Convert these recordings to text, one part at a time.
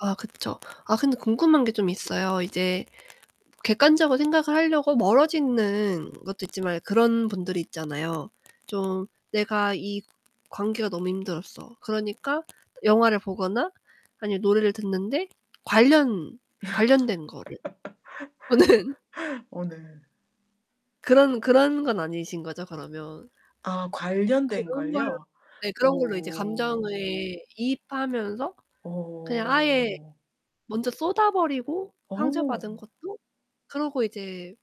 아 그쵸. 아 근데 궁금한게 좀 있어요. 이제 객관적으로 생각을 하려고 멀어지는 것도 있지만 그런 분들이 있잖아요. 좀 내가 이 관계가 너무 힘들었어. 그러니까 영화를 보거나 아니면 노래를 듣는데 관련 관련된 거를 보는 어 네. 그런, 그런 건 아니신 거죠 그러면? 아 관련된 그런 걸 걸요? 네. 그런 걸로 이제 감정을 오. 이입하면서 그냥 아예 어. 먼저 쏟아 버리고 상처받은 어. 것도 그러고 이제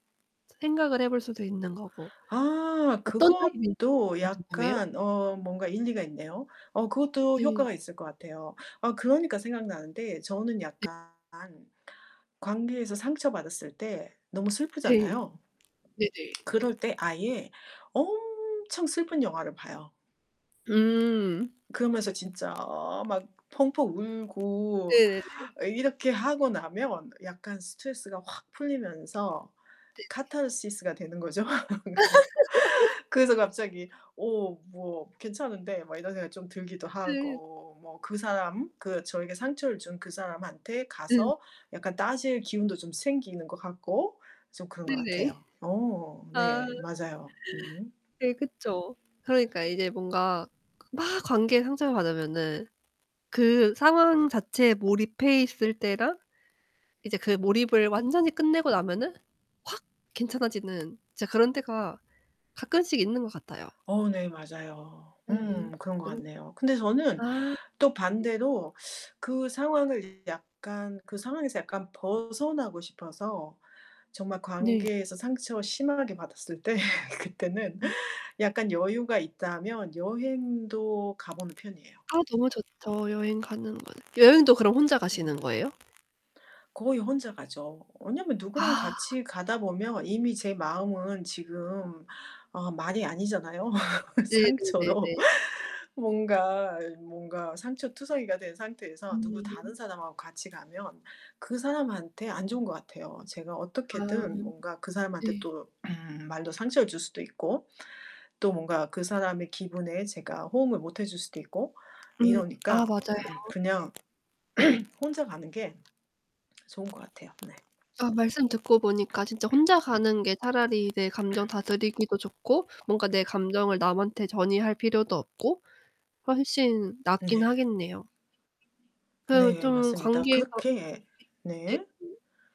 생각을 해 볼 수도 있는 거고. 아. 어떤 타입인지도 좀 그것도 [unintelligible] 궁금해요. 약간 어 뭔가 일리가 있네요. 어 그것도 네. 효과가 있을 것 같아요. 아 그러니까 생각나는데 저는 네. 약간 관계에서 상처받았을 때 너무 네. 슬프잖아요. 네네. 그럴 때 아예 엄청 슬픈 영화를 봐요. 음. 그러면서 진짜 막 펑펑 울고 네네네. 이렇게 하고 나면 약간 스트레스가 확 풀리면서 네네. 카타르시스가 되는 거죠. 그래서, 그래서 갑자기 '오 뭐 괜찮은데?' 막 이런 생각이 좀 들기도 네. 하고. 뭐 그 사람, 그 저에게 상처를 준 그 사람한테 응. 가서 약간 따질 기운도 좀 생기는 것 같고 좀 그런 것 네네. 같아요. 어 아. 네. 맞아요. 음. 네. 그쵸. 그러니까 이제 뭔가 그 막 관계에 상처를 받으면은 그 상황 자체에 몰입해 있을 때랑 이제 그 몰입을 완전히 끝내고 나면은 확 괜찮아지는 진짜 그런 때가 가끔씩 있는 것 같아요. 어 네. 맞아요. 네. 음 그런 것 그렇 같네요. 그런데 저는 아. 또 예. 반대로 그 상황을 약간 그 상황에서 약간 벗어나고 싶어서 정말 네. 관계에서 상처 심하게 받았을 때 그때는 음. 약간 여유가 있다면 여행도 가 보는 편이에요. 아 너무 좋죠 여행 가는 거는. 여행도 그럼 혼자 가시는 음. 거예요? 거의 혼자 가죠. 왜냐면 누구랑 아. 같이 가다 보면 이미 제 마음은 지금 어 말이 아니잖아요 네네네네. 상처로. 뭔가 뭔가 상처투성이가 된 상태에서 누구 음. 다른 사람하고 같이 가면 그 사람한테 안 좋은 것 같아요. 제가 아 어떻게든 뭔가 그 사람한테 네. 또 음 말로 상처를 줄 수도 있고 또 뭔가 그 사람의 기분에 제가 호응을 못 해 줄 수도 있고 음 아 이러니까 맞아요. 그냥 혼자 가는 게 좋은 것 같아요. 네. 아 말씀 듣고 보니까 진짜 혼자 가는 게 차라리 내 감정 다스리기도 좋고 뭔가 내 감정을 남한테 전이할 필요도 없고 훨씬 낫긴 네. 하겠네요. 그러면 네. 좀 맞습니다. 관계에서 그렇게 이 예. 네. 음.